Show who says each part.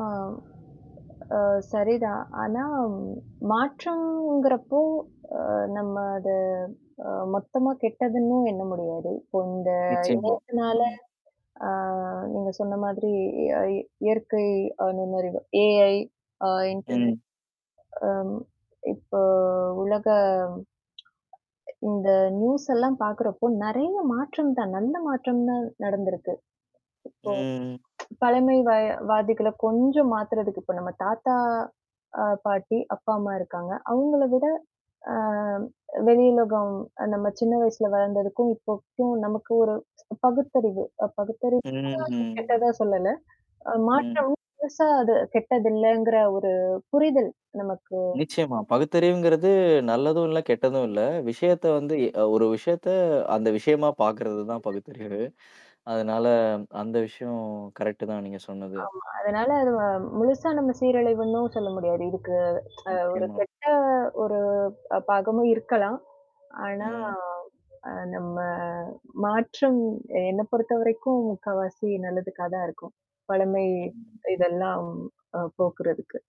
Speaker 1: ஆம், அ சரிதான். ஆனா, மாற்றம்ங்கிறப்போ, அ நம்ம அத அ மொத்தமா கெட்டதுன்னும் எண்ண முடியாது. இப்போ இந்த
Speaker 2: நிச்சயமா.
Speaker 1: இணையத்துனால
Speaker 2: ம்.
Speaker 1: ஆ நீங்க சொன்ன மாதிரி அ இயற்கை அ நுண்ணறிவு AI ஆ இன்டெர்நெட்
Speaker 2: ம்.
Speaker 1: அம். இப்போ உலக இந்த நியூஸ் எல்லாம் பாக்கறப்போ நெறையா மாற்றம் தான். நல்ல மாற்றம் தான் நடந்திருக்கு.
Speaker 2: ம், ம்.
Speaker 1: இப்போ பழமை வ வாதிகள கொஞ்சம் மாத்துறதுக்கு இப்ப நம்ம தாத்தா, அ பாட்டி, அப்பா, அம்மா இருக்காங்க. அவுங்கள விட ஆ வெளியுலகம் நம்ம சின்ன வயசுல வளந்ததுக்கும் இப்போக்கும் நமக்கு ஒரு பகுத்தறிவு அ பகுத்தறிவுனா
Speaker 2: ம். ம்.
Speaker 1: கெட்டதா சொல்லல. அ
Speaker 2: ம்.
Speaker 1: மாற்றம். பெருசா அது கெட்டதில்லங்கிற ஒரு புரிதல் நமக்கு
Speaker 2: நிச்சயமா. பகுத்தறிவுங்கிறது நல்லதும் இல்ல, கெட்டதும் இல்ல. விஷயத்த வந்து அ ஒரு விஷயத்த அந்த விஷயமா பாக்குறது தான பகுத்தறிவு. அதனால அந்த விஷயம் கரெக்ட்டு தான் நீங்க சொன்னது.
Speaker 1: ஆமா. அதனால அது வ முழுசா நம்ம சீரழிவுன்னும் சொல்ல முடியாது. இதுக்கு அ ஒரு
Speaker 2: நிச்சியமா.
Speaker 1: கெட்ட ஒரு ப் பாகமும் இருக்கலாம். ஆனா.
Speaker 2: ம்.
Speaker 1: அ நம்ம மாற்றம் எ என்ன பொறுத்தவரைக்கும் முக்கவாசி நல்லதுக்கா தான் இருக்கும். பழமை
Speaker 2: ம்.
Speaker 1: இதெல்லாம் அ போக்குறதுக்கு.